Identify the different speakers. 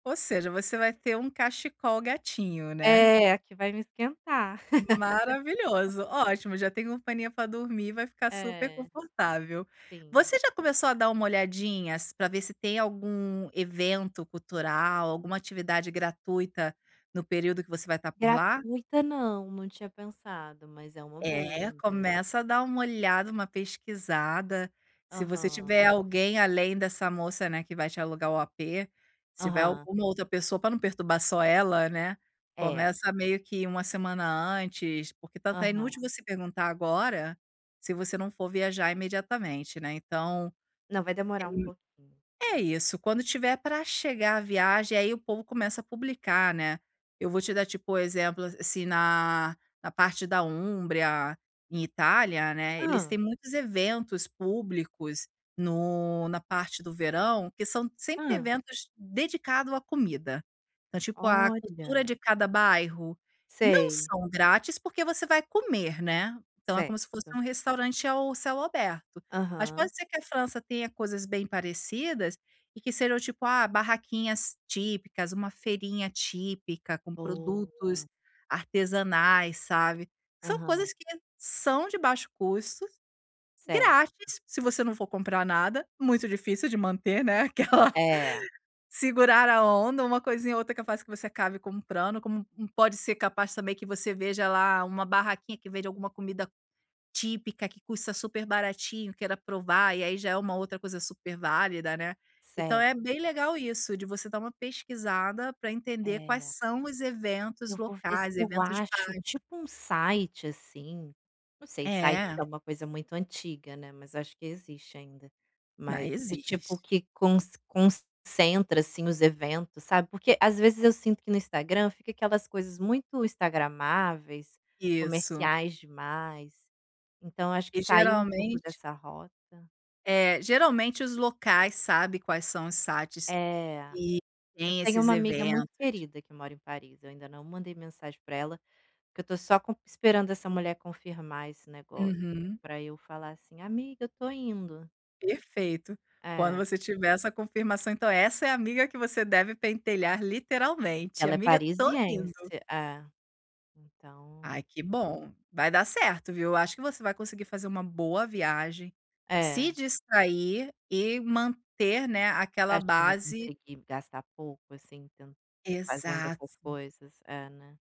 Speaker 1: Ou seja, você vai ter um cachecol gatinho, né.
Speaker 2: É, que vai me esquentar.
Speaker 1: Maravilhoso, ótimo. Já tem companhia pra dormir, vai ficar
Speaker 2: É.
Speaker 1: superconfortável.
Speaker 2: Sim.
Speaker 1: Você já começou a dar uma olhadinha s pra ver se tem algum evento cultural, alguma atividade gratuita no período que você vai estar por lá?
Speaker 2: Gratuita não, não tinha pensado, mas é uma boa
Speaker 1: É,
Speaker 2: mes
Speaker 1: começa a dar uma olhada, uma pesquisada. Se você
Speaker 2: Aham.
Speaker 1: tiver alguém além dessa moça, né, que vai te alugar o apê, se tiver
Speaker 2: Aham.
Speaker 1: alguma outra pessoa, pra não perturbar só ela, né,
Speaker 2: É.
Speaker 1: começa meio que 1 semana antes, porque tanto é
Speaker 2: Aham.
Speaker 1: inútil você perguntar agora se você não for viajar imediatamente, né, então
Speaker 2: Não, vai demorar um pouquinho.
Speaker 1: [unintelligible] é isso, quando tiver pra chegar a viagem, aí o povo começa a publicar, né. Eu vou te dar, tipo, o exemplo, a assim na na parte da Umbria, em Itália, né, eles
Speaker 2: Hã.
Speaker 1: têm muitos eventos públicos no na parte do verão, que são sempre
Speaker 2: Hã.
Speaker 1: eventos dedicado à comida. Então tipo, a cultura
Speaker 2: Olha.
Speaker 1: de cada bairro. Não
Speaker 2: Sei.
Speaker 1: são grátis, porque você vai comer, né. Então é como se fosse
Speaker 2: Certo.
Speaker 1: um restaurante ao céu aberto. Mas
Speaker 2: Aham.
Speaker 1: pode ser que a França tenha coisas bem parecidas e que sejam, tipo, ah, barraquinhas típicas, uma feirinha típica com produtos
Speaker 2: Boa.
Speaker 1: artesanais, sabe. São
Speaker 2: Aham.
Speaker 1: coisas que são de baixo custo,
Speaker 2: Certo.
Speaker 1: grátis, se você não for comprar nada. Muito difícil de manter, né, aquela
Speaker 2: É.
Speaker 1: "segurar a onda", uma coisinha ou outra é capaz que você acabe comprando, como um um pode ser capaz também que você veja lá uma barraquinha que vende alguma comida típica, que custa super baratinho, queira provar, e aí já é uma outra coisa superválida, né. Então é bem
Speaker 2: Certo.
Speaker 1: legal isso, de você dar uma pesquisada pra entender quais
Speaker 2: É.
Speaker 1: são os eventos
Speaker 2: Eu vou ver se
Speaker 1: locais,
Speaker 2: eu
Speaker 1: eventos de
Speaker 2: acho
Speaker 1: bairro.
Speaker 2: tipo um site, assim. Não sei, sites
Speaker 1: É.
Speaker 2: é uma coisa muito antiga, né, mas acho que existe ainda.
Speaker 1: Na
Speaker 2: Mai do tipo
Speaker 1: existe.
Speaker 2: que conc concentra, assim, os eventos, sabe, porque às vezes eu sinto que no Instagram, fica aquelas coisas muito instagramáveis,
Speaker 1: Isso.
Speaker 2: comerciais demais. Então acho que
Speaker 1: E
Speaker 2: sair um pouco
Speaker 1: geralmente
Speaker 2: dessa rota
Speaker 1: É, geralmente os locais sabe quais são os sites
Speaker 2: É.
Speaker 1: e
Speaker 2: Eu
Speaker 1: tem
Speaker 2: tenho
Speaker 1: esses
Speaker 2: uma amiga muito
Speaker 1: eventos.
Speaker 2: querida que mora em Paris, eu ainda não mandei mensagem para ela, porque eu estou só com esperando essa mulher confirmar esse negócio
Speaker 1: Uhum.
Speaker 2: para eu falar assim: "Amiga, eu estou indo".
Speaker 1: Perfeito. Quando
Speaker 2: É.
Speaker 1: você tiver essa confirmação, então essa é a amiga que você deve pentelhar
Speaker 2: Porque
Speaker 1: literalmente:
Speaker 2: ela é
Speaker 1: "Amiga, estou
Speaker 2: parisiense.
Speaker 1: indo".
Speaker 2: É,
Speaker 1: Ai,
Speaker 2: então
Speaker 1: que bom. Vai dar certo, viu. Eu acho que você vai conseguir fazer uma boa viagem,
Speaker 2: É.
Speaker 1: se distrair e manter, né,
Speaker 2: Você
Speaker 1: aquela
Speaker 2: acha que vou
Speaker 1: base
Speaker 2: conseguir gastar pouco, assim, ten fazendo essas
Speaker 1: Exato.
Speaker 2: coisas? É, né.